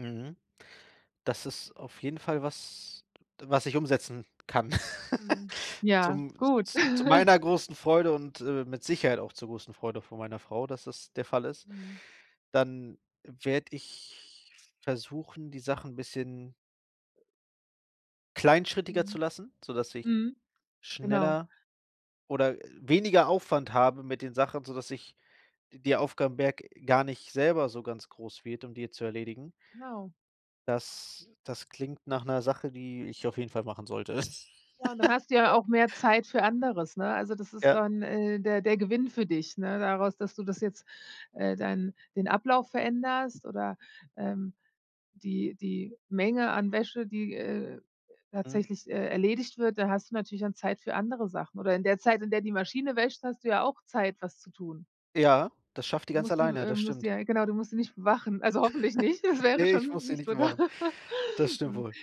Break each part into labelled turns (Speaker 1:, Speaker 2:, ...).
Speaker 1: Mhm. Das ist auf jeden Fall was, was ich umsetzen kann
Speaker 2: Mhm, ja,
Speaker 1: zum
Speaker 2: gut.
Speaker 1: z zu meiner großen Freude und, äh, mit Sicherheit auch zur großen Freude von meiner Frau, dass das der Fall ist.
Speaker 2: Mhm.
Speaker 1: Dann werde ich versuchen, die Sachen 'n bisschen kleinschrittiger zu
Speaker 2: Mhm,
Speaker 1: lassen, sodass ich
Speaker 2: mhm, genau.
Speaker 1: schneller oder, äh, weniger Aufwand habe mit den Sachen, sodass ich d der Aufgabenberg gar nicht selber so ganz groß wird, um die zu erledigen.
Speaker 2: Genau.
Speaker 1: Das das klingt nach ’ner Sache, die ich auf jeden Fall machen sollte.
Speaker 2: Ja, und dann hast du ja auch mehr Zeit für anderes, ne, also das ist
Speaker 1: Ja.
Speaker 2: dann, äh, der der Gewinn für dich, ne, daraus, dass du das jetzt äh, deinen den Ablauf veränderst oder, ähm, die die Menge an Wäsche, die, äh,
Speaker 1: Mhm.
Speaker 2: tatsächlich, äh, erledigt wird, da hast du natürlich dann Zeit für andere Sachen oder in der Zeit, in der die Maschine wäscht, hast du ja auch Zeit, was zu tun.
Speaker 1: Ja, das schafft die
Speaker 2: Du
Speaker 1: ganz
Speaker 2: musst die
Speaker 1: alleine,
Speaker 2: äh,
Speaker 1: das
Speaker 2: musst die
Speaker 1: stimmt.
Speaker 2: äh, ja, genau, du musst sie nicht bewachen, also hoffentlich nicht, das wäre
Speaker 1: Ne, ich
Speaker 2: schon
Speaker 1: muss sie
Speaker 2: nicht
Speaker 1: nicht
Speaker 2: so toll,
Speaker 1: machen. Das stimmt
Speaker 2: hm.
Speaker 1: wohl.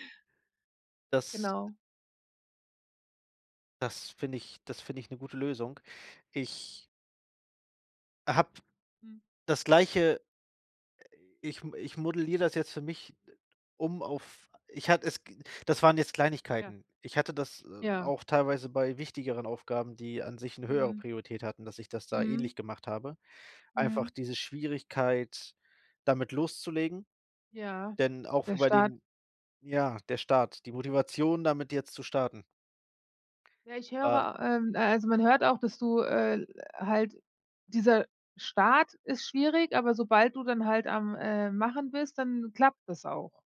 Speaker 1: Das
Speaker 2: Genau.
Speaker 1: das finde ich das finde ich 'ne gute Lösung. Ich habe
Speaker 2: Hm.
Speaker 1: das Gleiche ich m ich modelliere das jetzt für mich, äh, um auf ich hat es g das waren jetzt
Speaker 2: Ja.
Speaker 1: Kleinigkeiten. Ich hatte das, äh,
Speaker 2: Ja.
Speaker 1: auch teilweise bei wichtigeren Aufgaben, die an sich 'ne höhere
Speaker 2: Mhm.
Speaker 1: Priorität hatten, dass ich das da
Speaker 2: Mhm.
Speaker 1: ähnlich gemacht habe, einfach
Speaker 2: Mhm.
Speaker 1: diese Schwierigkeit, damit loszulegen,
Speaker 2: Ja,
Speaker 1: denn auch
Speaker 2: der
Speaker 1: f bei
Speaker 2: Start.
Speaker 1: den ja, der Start, die Motivation, damit jetzt zu starten.
Speaker 2: Ja, ich
Speaker 1: Wa
Speaker 2: höre ähm, äh, also, man hört auch, dass du äh, halt, dieser Start ist schwierig, aber sobald du dann halt am, äh, Machen bist, dann klappt das auch.